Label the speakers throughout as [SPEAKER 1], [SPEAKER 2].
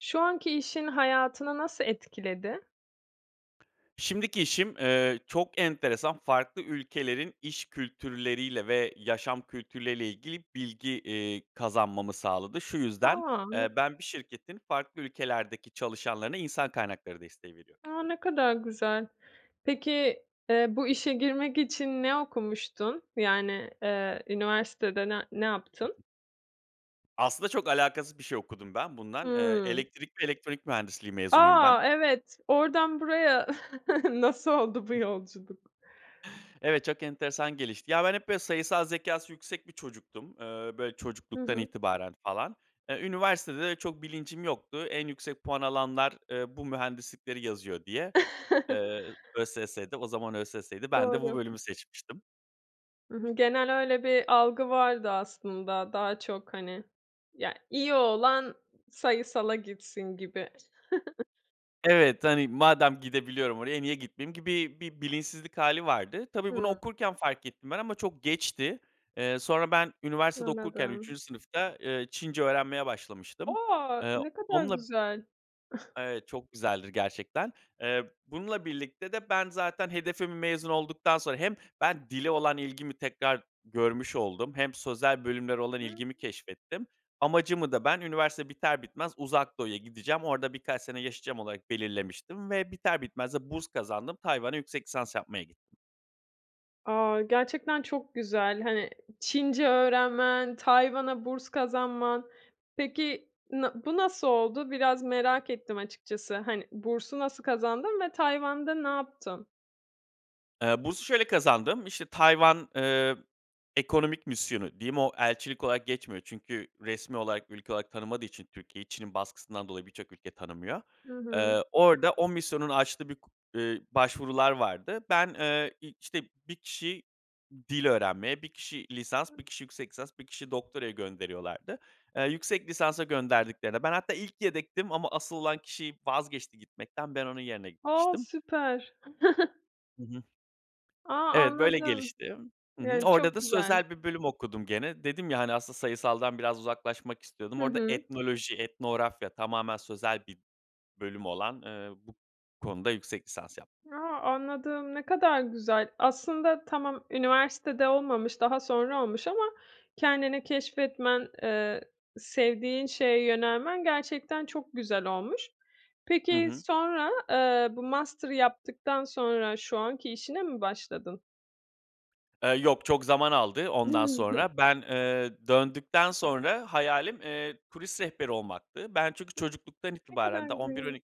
[SPEAKER 1] Şu anki işin, hayatını nasıl etkiledi?
[SPEAKER 2] Şimdiki işim, eee, çok enteresan farklı ülkelerin iş kültürleriyle ve yaşam kültürleriyle ilgili bilgi, eee, kazanmamı sağladı. Şu yüzden,
[SPEAKER 1] A.
[SPEAKER 2] eee,
[SPEAKER 1] Ne
[SPEAKER 2] ben bir şirketin farklı ülkelerdeki çalışanlarına insan kaynakları desteği veriyor
[SPEAKER 1] A, ne kadar güzel. Peki, eee, bu işe girmek için ne okumuştun? Yani, eee, üniversitede ne ne yaptın?
[SPEAKER 2] Aslında çok alakasız bir şey okudum ben bundan. Eee,
[SPEAKER 1] Hımm.
[SPEAKER 2] Elektrik ve Elektronik Mühendisliği mezunuyum ben.
[SPEAKER 1] A. Evet. Oradan buraya nasıl oldu bu
[SPEAKER 2] Ih.
[SPEAKER 1] yolculuk?
[SPEAKER 2] Evet, çok enteresan gelişti. Ya, ben hep, böyle, sayısal zekâsı yüksek bir çocuktum. Eee, böyle,
[SPEAKER 1] Hı
[SPEAKER 2] çocukluktan
[SPEAKER 1] hı.
[SPEAKER 2] itibaren falan. E, üniversitede de çok bilincim yoktu. En yüksek puan alanlar, eee, bu mühendislikleri yazıyor diye, eee, ÖSS'de. O zaman ÖSS'ydi, ben de bu
[SPEAKER 1] Doğru.
[SPEAKER 2] bölümü seçmiştim.
[SPEAKER 1] Hı hı. Genel öyle bir algı vardı aslında daha çok, hani. Ya, iyi olan sayısala gitsin gibi.
[SPEAKER 2] Evet, hani, "Madem gidebiliyorum oraya, niye gitmeyeyim?" gibi bir bilinçsizlik hâli vardı. Tabii bunu
[SPEAKER 1] Hıı.
[SPEAKER 2] okurken fark ettim ben ama çok geçti. Eee, sonra ben üniversitede okurken
[SPEAKER 1] Anladım.
[SPEAKER 2] 3. sınıfta, eee, Çince öğrenmeye başlamıştım.
[SPEAKER 1] A!
[SPEAKER 2] Eee,
[SPEAKER 1] Ne kadar
[SPEAKER 2] onunla
[SPEAKER 1] güzel.
[SPEAKER 2] Evet, çok güzeldir gerçekten. Eee, bununla birlikte de ben zaten hedefim mezun olduktan sonra hem ben dile olan ilgimi tekrar görmüş oldum hem sözel bölümlere olan
[SPEAKER 1] Hıı.
[SPEAKER 2] ilgimi keşfettim. Amacımı da ben üniversite biter bitmez Uzak Doğu'ya gideceğim. Orada birkaç sene yaşayacağım olarak belirlemiştim ve biter bitmez de burs kazandım. Tayvan'a yüksek lisans yapmaya gittim.
[SPEAKER 1] A! Gerçekten çok güzel. Hani, Çince öğrenmen, Tayvan'a burs kazanman. Peki, na bu nasıl oldu? Biraz merak ettim açıkçası. Hani, bursu nasıl kazandın ve Tayvan'da ne yaptın?
[SPEAKER 2] Eee, bursu şöyle kazandım. İşte, Tayvan, eee, Ekonomik Misyonu diyeyim o elçilik olarak geçmiyor çünkü resmî olarak, ülke olarak tanımadığı için Türkiye, Çin'in baskısından dolayı birçok ülke tanımıyor.
[SPEAKER 1] Hı hı.
[SPEAKER 2] Eee, orada o misyonun açtığı bir k eee, başvurular vardı. Ben, eee, işte, 1 kişi dil öğrenmeye, 1 kişi lisans, 1
[SPEAKER 1] Hıı.
[SPEAKER 2] kişi yüksek lisans, 1 kişi doktoraya gönderiyorlardı. Eee, yüksek lisansa gönderdiklerinde ben hatta ilk yedektim ama asıl olan kişi vazgeçti gitmekten, ben onun yerine
[SPEAKER 1] A!
[SPEAKER 2] gitmiştim.
[SPEAKER 1] Süper.
[SPEAKER 2] Hı hı.
[SPEAKER 1] A!
[SPEAKER 2] Evet, böyle
[SPEAKER 1] Anladım.
[SPEAKER 2] gelişti. Hı hı.
[SPEAKER 1] Yani,
[SPEAKER 2] Orada
[SPEAKER 1] çok
[SPEAKER 2] da
[SPEAKER 1] güzel.
[SPEAKER 2] sözel bir bölüm okudum gene. Dedim ya, hani, aslında sayısaldan biraz uzaklaşmak istiyordum.
[SPEAKER 1] Hı
[SPEAKER 2] Orada
[SPEAKER 1] hı.
[SPEAKER 2] etnoloji, etnografya tamamen sözel bir bölüm olan, eee, bu konuda yüksek lisans yaptım.
[SPEAKER 1] A! Anladım. Ne kadar güzel. Aslında tamam, üniversitede olmamış, daha sonra olmuş ama kendini keşfetmen, eee, sevdiğin şeye yönelmen gerçekten çok güzel olmuş.
[SPEAKER 2] Hı
[SPEAKER 1] Peki,
[SPEAKER 2] hı.
[SPEAKER 1] sonra, eee, bu master'ı yaptıktan sonra şu anki işine mi başladın?
[SPEAKER 2] Eee, yok, çok zaman aldı ondan sonra. Ben, eee, döndükten sonra hayalim, eee, turist rehberi olmaktı. Ben çünkü
[SPEAKER 1] [unintelligible]
[SPEAKER 2] çocukluktan
[SPEAKER 1] Ne
[SPEAKER 2] itibaren,
[SPEAKER 1] kadar
[SPEAKER 2] daha on bir on
[SPEAKER 1] [unintelligible]
[SPEAKER 2] iki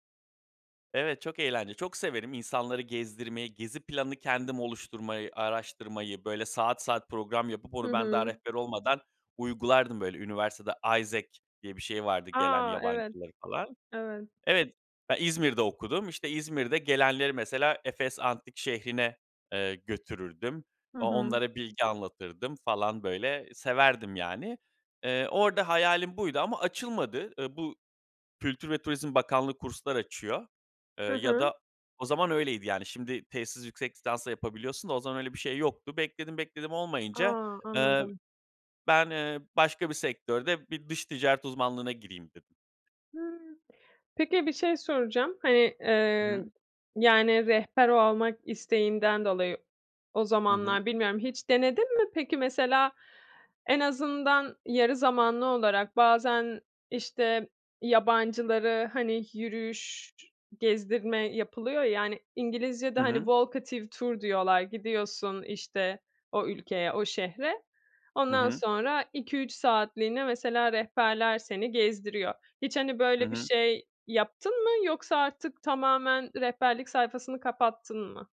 [SPEAKER 2] Evet, çok eğlenceli. Çok severim insanları gezdirmeyi, gezi planını kendim oluşturmayı, araştırmayı, böyle, saat saat program yapıp
[SPEAKER 1] Hı
[SPEAKER 2] onu ben daha
[SPEAKER 1] hı.
[SPEAKER 2] rehber olmadan uygulardım, böyle, üniversitede AIESEC diye bir şey vardı gelen
[SPEAKER 1] A! Evet,
[SPEAKER 2] yabancıları falan.
[SPEAKER 1] evet.
[SPEAKER 2] Evet, ben İzmir'de okudum. İşte, İzmir'de gelenleri mesela Efes Antik Şehri'ne, eee, götürürdüm.
[SPEAKER 1] Hı
[SPEAKER 2] O
[SPEAKER 1] hı.
[SPEAKER 2] onlara bilgi anlatırdım falan, böyle, severdim yani. Eee, orada hayalim buydu ama açılmadı. Iıı, bu, Kültür ve Turizm Bakanlığı kurslar açıyor, eee,
[SPEAKER 1] Hı
[SPEAKER 2] ya
[SPEAKER 1] hı.
[SPEAKER 2] da o zaman öyleydi. Yani, şimdi tezsiz yüksek lisansla yapabiliyorsun da o zaman öyle bir şey yoktu. Bekledim, bekledim olmayınca,
[SPEAKER 1] A!
[SPEAKER 2] eee,
[SPEAKER 1] Anladım.
[SPEAKER 2] ben, eee, başka bir sektörde bir dış ticaret uzmanlığına gireyim, dedim.
[SPEAKER 1] Hıı. Peki, bir şey soracağım; hani,
[SPEAKER 2] Hı hı.
[SPEAKER 1] eee, yani, rehber olmak isteğinden dolayı o
[SPEAKER 2] Hı hı.
[SPEAKER 1] zamanlar bilmiyorum hiç denedin mi? Peki, mesela, en azından yarı zamanlı olarak bazen, işte, yabancıları, hani, yürüyüş, gezdirme yapılıyor ya, hani, İngilizcede,
[SPEAKER 2] Hı
[SPEAKER 1] hani,
[SPEAKER 2] hı.
[SPEAKER 1] walkative tour diyorlar. Gidiyorsun, işte, o ülkeye, o şehre.
[SPEAKER 2] Hı
[SPEAKER 1] Ondan
[SPEAKER 2] hı.
[SPEAKER 1] sonra 2-3 saatliğine mesela rehberler seni gezdiriyor. Hiç, hani,
[SPEAKER 2] Hı
[SPEAKER 1] böyle, bir
[SPEAKER 2] hı.
[SPEAKER 1] şey yaptın mı? Yoksa artık tamamen rehberlik sayfasını kapattın mı?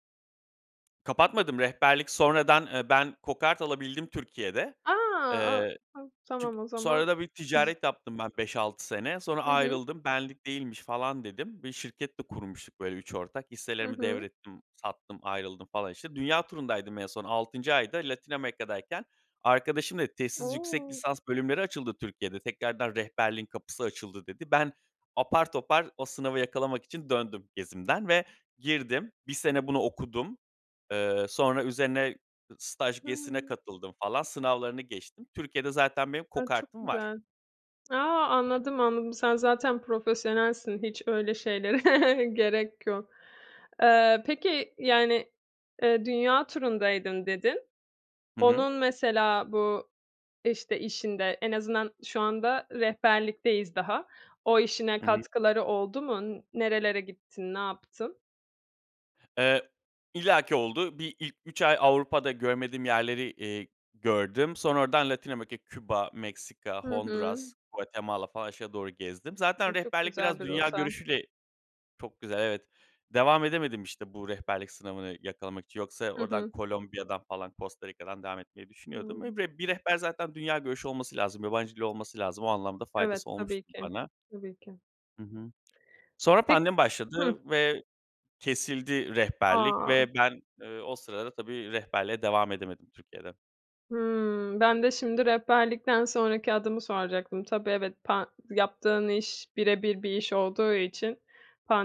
[SPEAKER 2] Kapatmadım. Rehberlik, sonradan, eee, ben kokart alabildim Türkiye'de.
[SPEAKER 1] A!
[SPEAKER 2] Eee,
[SPEAKER 1] A,a.
[SPEAKER 2] çün
[SPEAKER 1] Tamam o zaman.
[SPEAKER 2] sonra da bir ticaret yaptım ben 5-6 sene. Sonra
[SPEAKER 1] Hı hı.
[SPEAKER 2] ayrıldım. "Benlik değilmiş" falan dedim, bir şirket de kurmuştuk böyle 3 ortak.
[SPEAKER 1] Hı
[SPEAKER 2] Hisselerimi
[SPEAKER 1] hı.
[SPEAKER 2] devrettim, sattım, ayrıldım falan işte. Dünya turundaydım en son, 6'ncı ayda Latin Amerika'dayken arkadaşım dedi, "Tezsiz yüksek
[SPEAKER 1] O!
[SPEAKER 2] lisans bölümleri açıldı Türkiye'de, tekrardan rehberliğin kapısı açıldı" dedi. Ben, apar topar o sınavı yakalamak için döndüm gezimden ve girdim. 1 sene bunu okudum. Eee, sonra üzerine staj gezisine
[SPEAKER 1] Hıı.
[SPEAKER 2] katıldım falan, sınavlarını geçtim. Türkiye'de zaten benim
[SPEAKER 1] Ay, çok
[SPEAKER 2] kokartım var.
[SPEAKER 1] güzel. A! Anladım, anladım. Sen zaten profesyonelsin, hiç öyle şeylere gerek yok. Eee, peki, yani, eee, "Dünya turundaydım" dedin.
[SPEAKER 2] Hı hı.
[SPEAKER 1] Onun mesela bu, işte, işinde, en azından şu anda rehberlikteyiz daha, o işine
[SPEAKER 2] Hı hı.
[SPEAKER 1] katkıları oldu mu? Nerelere gittin? Ne yaptın?
[SPEAKER 2] Eee, illaki oldu. Bir ilk 3 ay Avrupa'da görmediğim yerleri, eee, gördüm. Sonra oradan Latin Amerika, Küba, Meksika,
[SPEAKER 1] Hı hı.
[SPEAKER 2] Honduras, Guatemala falan aşağı doğru gezdim. Zaten
[SPEAKER 1] E, çok
[SPEAKER 2] rehberlik
[SPEAKER 1] güzel
[SPEAKER 2] biraz
[SPEAKER 1] bir
[SPEAKER 2] dünya
[SPEAKER 1] rota.
[SPEAKER 2] görüşüyle Çok güzel, evet. Devam edemedim işte bu rehberlik sınavını yakalamak için. Yoksa
[SPEAKER 1] Hı
[SPEAKER 2] oradan
[SPEAKER 1] hı.
[SPEAKER 2] Kolombiya'dan falan Costa Rica'dan devam etmeyi düşünüyordum. Eee,
[SPEAKER 1] Doğru.
[SPEAKER 2] ve bir rehber zaten dünya görüşü olması lazım, yabancı dili olması lazım. O anlamda
[SPEAKER 1] Evet,
[SPEAKER 2] faydası olmuştu
[SPEAKER 1] tabii ki.
[SPEAKER 2] bana.
[SPEAKER 1] Tabii ki.
[SPEAKER 2] Hı hı. Sonra
[SPEAKER 1] Pek
[SPEAKER 2] pandemi
[SPEAKER 1] Hıh.
[SPEAKER 2] başladı ve kesildi rehberlik
[SPEAKER 1] A.
[SPEAKER 2] ve ben, eee, o sırada tabii rehberliğe devam edemedim Türkiye'de.
[SPEAKER 1] Hımm, ben de şimdi rehberlikten sonraki adımı soracaktım. Tabii, evet. Pan yaptığın iş bire bir bir iş olduğu için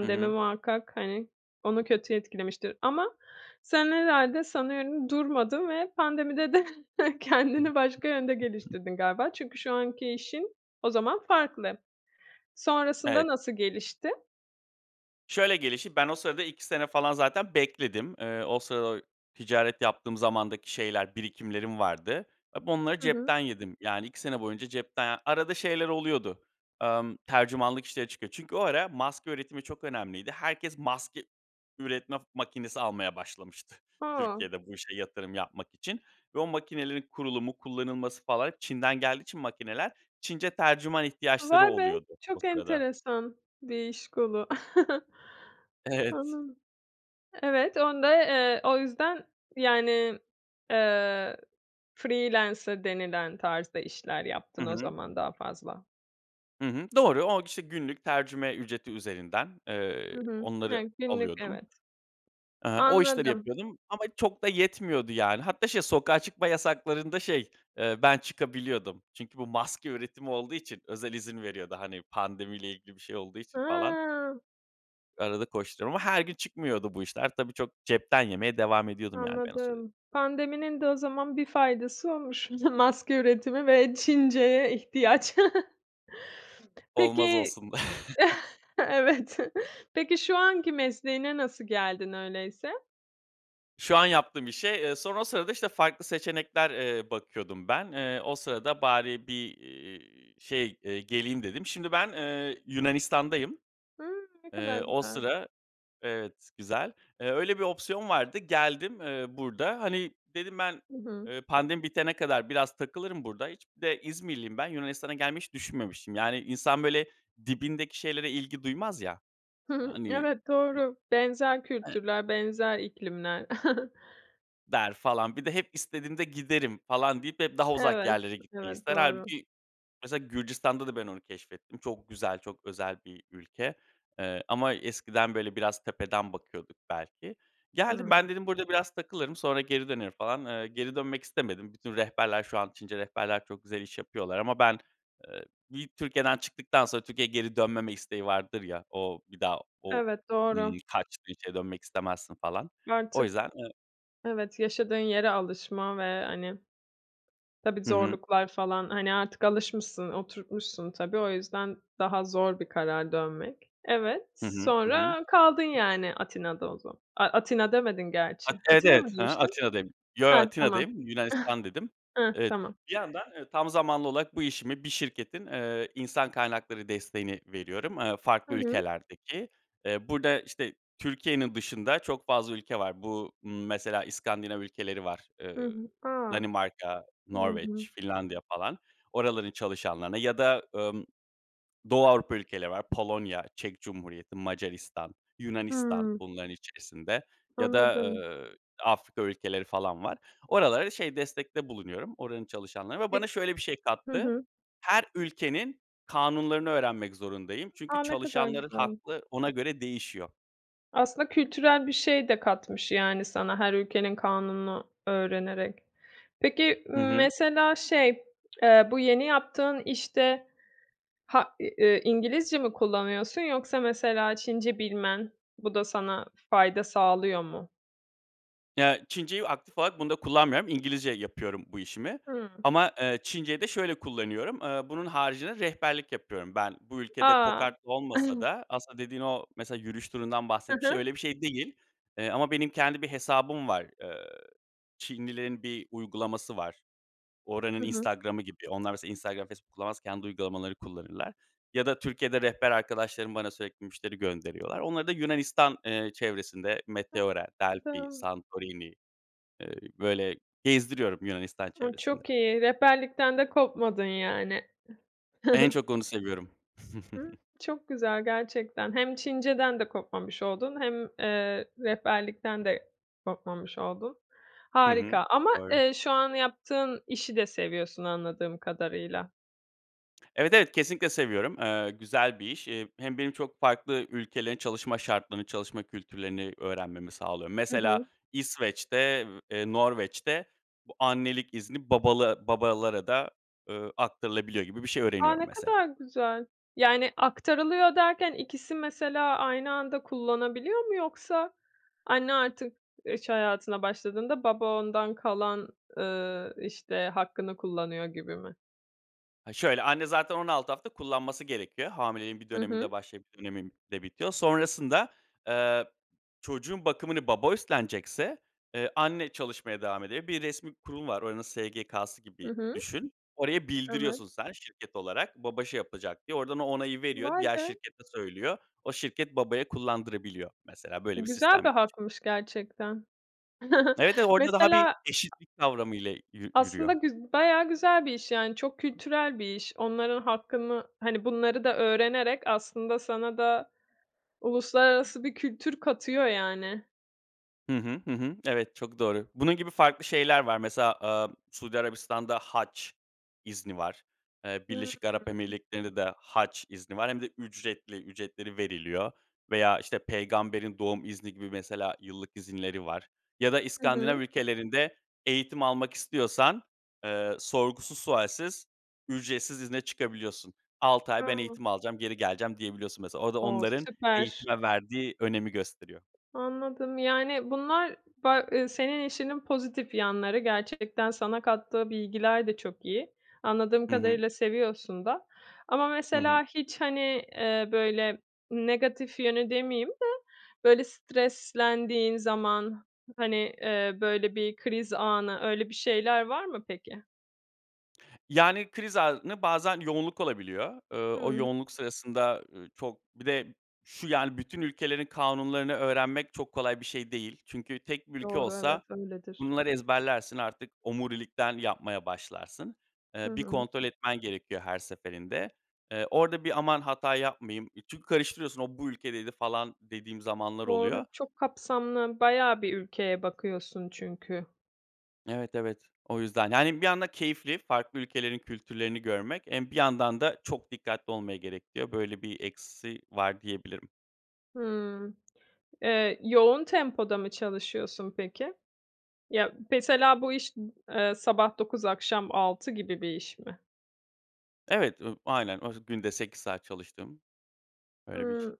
[SPEAKER 2] Hı hı.
[SPEAKER 1] muhakkak, hani, onu kötü etkilemiştir ama sen herhâlde sanıyorum durmadın ve pandemide de kendini başka yönde geliştirdin galiba. Çünkü şu anki işin o zaman farklı. Sonrasında
[SPEAKER 2] Evet.
[SPEAKER 1] nasıl gelişti?
[SPEAKER 2] Şöyle gelişti, ben o sırada 2 sene falan zaten bekledim. Eee, o sırada ticaret yaptığım zamandaki şeyler, birikimlerim vardı. Hep onları
[SPEAKER 1] Hı hı.
[SPEAKER 2] cepten yedim. Yani, 2 sene boyunca cepten, arada şeyler oluyordu, emm, tercümanlık işleri çıkıyor. Çünkü o ara maske üretimi çok önemliydi. Herkes maske üretme makinesi almaya başlamıştı.
[SPEAKER 1] A!
[SPEAKER 2] Türkiye'de bu işe yatırım yapmak için ve o makinelerin kurulumu, kullanılması falan Çin'den geldiği için makineler, Çince tercüman ihtiyaçları
[SPEAKER 1] Vay be!
[SPEAKER 2] oluyordu o
[SPEAKER 1] Çok
[SPEAKER 2] sırada.
[SPEAKER 1] enteresan bir iş kolu.
[SPEAKER 2] Evet.
[SPEAKER 1] Anladım. Evet, onu da, eee, o yüzden yani, eee, freelancer denilen tarzda işler
[SPEAKER 2] Hı
[SPEAKER 1] yaptın o
[SPEAKER 2] hı.
[SPEAKER 1] zaman daha fazla.
[SPEAKER 2] Hı hı, doğru, o, k işte, günlük tercüme ücreti üzerinden, eee,
[SPEAKER 1] Hı hı.
[SPEAKER 2] onları
[SPEAKER 1] Ya, günlük,
[SPEAKER 2] alıyordum.
[SPEAKER 1] evet.
[SPEAKER 2] Eee, o işleri
[SPEAKER 1] Anladım.
[SPEAKER 2] yapıyordum ama çok da yetmiyordu yani. Hatta şey, sokağa çıkma yasaklarında, şey, eee, ben çıkabiliyordum. Çünkü bu maske üretimi olduğu için özel izin veriyordu. Hani, pandemi ile ilgili bir şey olduğu için falan.
[SPEAKER 1] A!
[SPEAKER 2] Arada koşturuyorum ama her gün çıkmıyordu bu işler. Tabii, çok cepten yemeye devam ediyordum yani ben o süre.
[SPEAKER 1] Anladım. Pandeminin de o zaman bir faydası olmuş maske üretimi ve Çinceye ihtiyaç.
[SPEAKER 2] Olmaz
[SPEAKER 1] Peki
[SPEAKER 2] olsun.
[SPEAKER 1] Evet. Peki, şu anki mesleğine nasıl geldin öyleyse?
[SPEAKER 2] Şu an yaptığım işe. Eee, sonra o sırada, işte, farklı seçenekler, eee, bakıyordum ben. Eee, o sırada bari bir, ııı, şeyy, eee, geleyim dedim. Şimdi ben, eee, Yunanistan'dayım.
[SPEAKER 1] Hımm. Ne kadar
[SPEAKER 2] Eee, o
[SPEAKER 1] güzel.
[SPEAKER 2] sıra, evet güzel. Eee, öyle bir opsiyon vardı geldim, eee, burada. Hani, dedim ben,
[SPEAKER 1] Hı hı.
[SPEAKER 2] eee, pandemi bitene kadar biraz takılırım burada. Hiç bir de İzmirliyim ben. Yunanistan'a gelmeyi hiç düşünmemiştim. Yani, insan, böyle, dibindeki şeylere ilgi duymaz, ya. Hani,
[SPEAKER 1] Evet,
[SPEAKER 2] no
[SPEAKER 1] doğru. Benzer
[SPEAKER 2] e
[SPEAKER 1] kültürler, benzer iklimler.
[SPEAKER 2] der falan. Bir de hep istediğimde giderim falan deyip hep daha uzak
[SPEAKER 1] Evet,
[SPEAKER 2] yerlere gitmeyi
[SPEAKER 1] evet.
[SPEAKER 2] ister.
[SPEAKER 1] Doğru.
[SPEAKER 2] Hâlbuki mesela Gürcistan'da da ben onu keşfettim. Çok güzel, çok özel bir ülke. Eee, ama eskiden, böyle, biraz tepeden bakıyorduk belki. Geldim
[SPEAKER 1] Hımm.
[SPEAKER 2] ben dedim burada biraz takılırım, sonra geri dönerim falan, eee, geri dönmek istemedim. Bütün rehberler şu an Çince rehberler çok güzel iş yapıyorlar ama ben, eee, bir Türkiye'den çıktıktan sonra Türkiye'ye geri dönmeme isteği vardır ya, o bir daha o,
[SPEAKER 1] Evet, doğru.
[SPEAKER 2] ımm, kaçtı hiç, eee, dönmek istemezsin falan, o
[SPEAKER 1] Artık
[SPEAKER 2] yüzden. E
[SPEAKER 1] evet, yaşadığın yere alışma ve, hani, tabii,
[SPEAKER 2] Hı hı.
[SPEAKER 1] zorluklar falan, hani, artık alışmışsın, oturtmuşsun, tabii. O yüzden daha zor bir karar dönmek. Evet,
[SPEAKER 2] Hı hı, hı hı.
[SPEAKER 1] sonra kaldın, yani, Atina'da o zaman. A Atina demedin gerçi.
[SPEAKER 2] At evet,
[SPEAKER 1] Atina mı
[SPEAKER 2] evet. Hı hı.
[SPEAKER 1] demiştin?
[SPEAKER 2] Atina'dayım. Yo,
[SPEAKER 1] Hah, tamam.
[SPEAKER 2] Atina'dayım. Yunanistan, dedim.
[SPEAKER 1] Hıh,
[SPEAKER 2] Evet,
[SPEAKER 1] tamam.
[SPEAKER 2] bir yandan, eee, tam zamanlı olarak bu işimi bir şirketin, eee, insan kaynakları desteğini veriyorum, eee, farklı
[SPEAKER 1] Hı hı.
[SPEAKER 2] ülkelerdeki. Eee, burada işte Türkiye'nin dışında çok fazla ülke var. Bu, ımm, mesela İskandinav ülkeleri var.
[SPEAKER 1] Hı
[SPEAKER 2] Iıı,
[SPEAKER 1] hı. A!
[SPEAKER 2] Danimarka,
[SPEAKER 1] Hı hı.
[SPEAKER 2] Norveç, Finlandiya falan. Oraların çalışanlarına ya da, ımm, Doğu Avrupa ülkeleri var. Polonya, Çek Cumhuriyeti, Macaristan, Yunanistan
[SPEAKER 1] Hıı.
[SPEAKER 2] bunların içerisinde ya da,
[SPEAKER 1] Anladım.
[SPEAKER 2] ııı, Afrika ülkeleri falan var. Oralara, şey, destekte bulunuyorum, oranın çalışanlarına ve bana
[SPEAKER 1] Pek
[SPEAKER 2] şöyle bir şey
[SPEAKER 1] hı
[SPEAKER 2] kattı.
[SPEAKER 1] hı.
[SPEAKER 2] Her ülkenin kanunlarını öğrenmek zorundayım. Çünkü
[SPEAKER 1] A! Ne kadar
[SPEAKER 2] çalışanların
[SPEAKER 1] güzel.
[SPEAKER 2] hakkı ona göre değişiyor.
[SPEAKER 1] Aslında kültürel bir şey de katmış, yani sana her ülkenin kanununu öğrenerek. Peki,
[SPEAKER 2] Hı hı.
[SPEAKER 1] mesela, şey, eee, bu yeni yaptığın işte, ha eee, İngilizce mi kullanıyorsun yoksa mesela Çince bilmen, bu da sana fayda sağlıyor mu?
[SPEAKER 2] Ya, Çinceyi aktif olarak bunda kullanmıyorum. İngilizce yapıyorum bu işimi
[SPEAKER 1] Hıı.
[SPEAKER 2] ama, eee, Çinceyi de şöyle kullanıyorum. Eee, bunun haricinde rehberlik yapıyorum ben. Bu ülkede
[SPEAKER 1] A!
[SPEAKER 2] kokartlı olmasa da aslında dediğin o, mesela, yürüyüş turundan
[SPEAKER 1] Hı
[SPEAKER 2] bahsetmiştim.
[SPEAKER 1] hı.
[SPEAKER 2] Öyle bir şey değil. Eee, ama benim kendi bir hesabım var. Eee, Çinlilerin bir uygulaması var, oranın
[SPEAKER 1] Hı hı.
[SPEAKER 2] Instagram'ı gibi. Onlar mesela Instagram, Facebook kullanmaz, kendi uygulamaları kullanırlar ya da Türkiye'de rehber arkadaşlarım bana sürekli müşteri gönderiyorlar. Onları da Yunanistan, eee, çevresinde Meteora, Delphi,
[SPEAKER 1] [unintelligible]
[SPEAKER 2] Santorini, eee, böyle gezdiriyorum Yunanistan
[SPEAKER 1] A,
[SPEAKER 2] çevresinde.
[SPEAKER 1] çok iyi. Rehberlikten de kopmadın yani.
[SPEAKER 2] En çok onu seviyorum.
[SPEAKER 1] Çok güzel gerçekten. Hem Çinceden de kopmamış oldun hem, eee, rehberlikten de kopmamış oldun.
[SPEAKER 2] Hı hı.
[SPEAKER 1] Harika ama,
[SPEAKER 2] Doğru.
[SPEAKER 1] eee, şu an yaptığın işi de seviyorsun anladığım kadarıyla.
[SPEAKER 2] Evet, evet. Kesinlikle seviyorum. Eee, güzel bir iş. Eee, hem benim çok farklı ülkelerin, çalışma şartlarını, çalışma kültürlerini öğrenmemi sağlıyor.
[SPEAKER 1] Hı
[SPEAKER 2] Mesela,
[SPEAKER 1] hı.
[SPEAKER 2] İsveç'te, eee, Norveç'te bu annelik izni, babala babalara da, ııı, aktarılabiliyor gibi bir şey
[SPEAKER 1] A,
[SPEAKER 2] öğreniyorum,
[SPEAKER 1] ne
[SPEAKER 2] mesela.
[SPEAKER 1] kadar güzel! Yani, aktarılıyor derken, ikisi mesela aynı anda kullanabiliyor mu, yoksa anne artık iş hayatına başladığında, baba ondan kalan, ııı, işte, hakkını kullanıyor gibi mi?
[SPEAKER 2] Ha şöyle, anne zaten 16 hafta kullanması gerekiyor. Hamileliğin bir
[SPEAKER 1] Hı
[SPEAKER 2] döneminde
[SPEAKER 1] hı.
[SPEAKER 2] başlayıp bir döneminde bitiyor. Sonrasında, eee, çocuğun bakımını baba üstlenecekse, eee, anne çalışmaya devam ediyor. Bir resmî kurum var, oranın SGK'sı
[SPEAKER 1] Hı
[SPEAKER 2] gibi
[SPEAKER 1] hı.
[SPEAKER 2] düşün. Oraya
[SPEAKER 1] Evet.
[SPEAKER 2] bildiriyorsun sen, şirket olarak. Baba şey yapacak, diye. Oradan o onayı veriyor,
[SPEAKER 1] Vay
[SPEAKER 2] diğer
[SPEAKER 1] be.
[SPEAKER 2] şirkete söylüyor. O şirket, babaya kullandırabiliyor. Mesela, böyle bir
[SPEAKER 1] Güzel bir
[SPEAKER 2] sistem [unintelligible]
[SPEAKER 1] hakmış, gerçekten.
[SPEAKER 2] Evet, evet, orada daha bir
[SPEAKER 1] Mesela
[SPEAKER 2] eşitlik kavramıyla yü
[SPEAKER 1] Aslında
[SPEAKER 2] yürüyor.
[SPEAKER 1] güz bayağı güzel bir iş, yani. Çok kültürel bir iş. Onların hakkını hani, bunları da öğrenerek aslında sana da uluslararası bir kültür katıyor, yani.
[SPEAKER 2] Hı hı. Hı hı. Evet, çok doğru. Bunun gibi farklı şeyler var. Mesela, aaa, Suudi Arabistan'da hac izni var, eee, Birleşik
[SPEAKER 1] Hıı.
[SPEAKER 2] Arap Emirlikleri'nde de hac izni var, hem de ücretli, ücretleri veriliyor veya, işte, peygamberin doğum izni gibi mesela yıllık izinleri var ya da
[SPEAKER 1] Hı
[SPEAKER 2] İskandinav
[SPEAKER 1] hı.
[SPEAKER 2] ülkelerinde eğitim almak istiyorsan, eee, sorgusuz sualsiz ücretsiz izne çıkabiliyorsun. 6 ay ben
[SPEAKER 1] [unintelligible]
[SPEAKER 2] eğitim alacağım, geri geleceğim diyebiliyorsun mesela. O da
[SPEAKER 1] O,
[SPEAKER 2] onların
[SPEAKER 1] süper.
[SPEAKER 2] eğitime verdiği önemi gösteriyor.
[SPEAKER 1] Anladım. Yani, bunlar ba ııı, senin işinin pozitif yanları. Gerçekten sana kattığı bilgiler de çok iyi. Anladığım
[SPEAKER 2] Hı hı.
[SPEAKER 1] kadarıyla seviyorsun da. Ama
[SPEAKER 2] Hı hı.
[SPEAKER 1] mesela hiç, hani, eee, böyle, negatif yönü demeyeyim de, böyle, streslendiğin zaman, hani, eee, böyle, bir kriz anı öyle bir şeyler var mı peki?
[SPEAKER 2] Yani, kriz anında bazen yoğunluk olabiliyor. Iıı, o
[SPEAKER 1] Hıı.
[SPEAKER 2] yoğunluk sırasında, ııı, çok bir de şu, yani, bütün ülkelerin kanunlarını öğrenmek çok kolay bir şey değil. Çünkü tek bir ülke
[SPEAKER 1] Doğru,
[SPEAKER 2] olsa
[SPEAKER 1] evet, öyledir.
[SPEAKER 2] bunları ezberlersin, artık omurilikten yapmaya başlarsın.
[SPEAKER 1] Hı
[SPEAKER 2] Eee, bir
[SPEAKER 1] hı.
[SPEAKER 2] kontrol etmen gerekiyor her seferinde. Eee, orada bir aman hata yapmayayım. E, çünkü karıştırıyorsun o, bu ülkedeydi falan dediğim zamanlar
[SPEAKER 1] Doğru,
[SPEAKER 2] oluyor.
[SPEAKER 1] çok kapsamlı bayağı bir ülkeye bakıyorsun çünkü.
[SPEAKER 2] Evet, evet. O yüzden. Yani, bir yandan keyifli farklı ülkelerin kültürlerini görmek, emm, bir yandan da çok dikkatli olmayı gerektiriyor, böyle bir eksisi var diyebilirim.
[SPEAKER 1] Hımm. Eee, yoğun tempoda mı çalışıyorsun, peki? Ya, mesela bu iş sabah 9 akşam 6 gibi bir iş mi?
[SPEAKER 2] Evet, ııı, aynen, oz günde 8 saat çalıştığım. Öyle bir iş.
[SPEAKER 1] Hıı.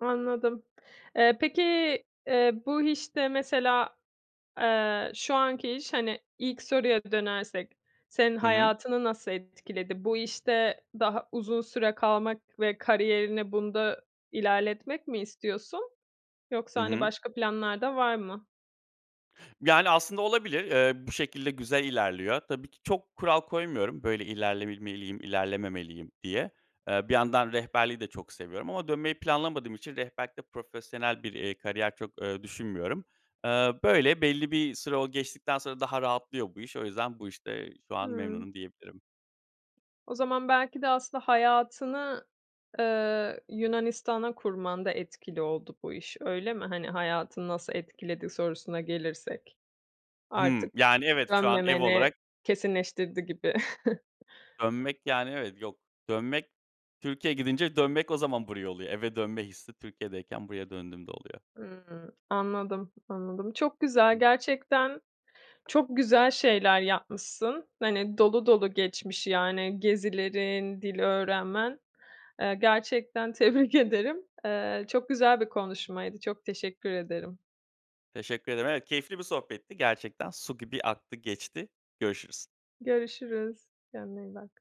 [SPEAKER 1] Anladım. Eee, peki, eee, bu işte mesela, eee, şu anki iş, hani, ilk soruya dönersek senin
[SPEAKER 2] Hı hı.
[SPEAKER 1] hayatını nasıl etkiledi? Bu işte daha uzun süre kalmak ve kariyerini bunda ilerletmek mi istiyorsun?
[SPEAKER 2] Hı
[SPEAKER 1] Yoksa, hani,
[SPEAKER 2] hı.
[SPEAKER 1] başka planlar da var mı?
[SPEAKER 2] Yani, aslında olabilir. Eee, bu şekilde güzel ilerliyor. Tabii ki çok kural koymuyorum, böyle ilerlebilmeliyim ilerlememeliyim diye. Eee, bir yandan rehberliği de çok seviyorum ama dönmeyi planlamadığım için rehberlikte profesyonel bir, eee, kariyer çok, ııı, düşünmüyorum. Iıı, böyle, belli bir süre, o, geçtikten sonra daha rahatlıyor bu iş. O yüzden, bu işte şu an
[SPEAKER 1] Hıı.
[SPEAKER 2] memnunum diyebilirim.
[SPEAKER 1] O zaman belki de aslında hayatını, ııı, Yunanistan'a kurmanda etkili oldu bu iş, öyle mi? Hani, hayatını nasıl etkiledi sorusuna gelirsek.
[SPEAKER 2] Hıı.
[SPEAKER 1] Artık
[SPEAKER 2] Yani, evet, şu an ev
[SPEAKER 1] dönmemeni
[SPEAKER 2] olarak
[SPEAKER 1] kesinleştirdi gibi.
[SPEAKER 2] dönmek, yani, evet, yok, dönmek, Türkiye'ye gidince dönmek, o zaman buraya oluyor. Eve dönme hissi, Türkiye'deyken buraya döndüğümde oluyor.
[SPEAKER 1] Hımm. Anladım. Anladım. Çok güzel, gerçekten çok güzel şeyler yapmışsın. Hani, dolu dolu geçmiş, yani, gezilerin, dil öğrenmen. Eee, gerçekten tebrik ederim. Eee, çok güzel bir konuşmaydı. Çok teşekkür ederim.
[SPEAKER 2] Teşekkür ederim. Evet, keyifli bir sohbetti gerçekten. Su gibi aktı geçti, görüşürüz.
[SPEAKER 1] Görüşürüz. Kendine iyi bak.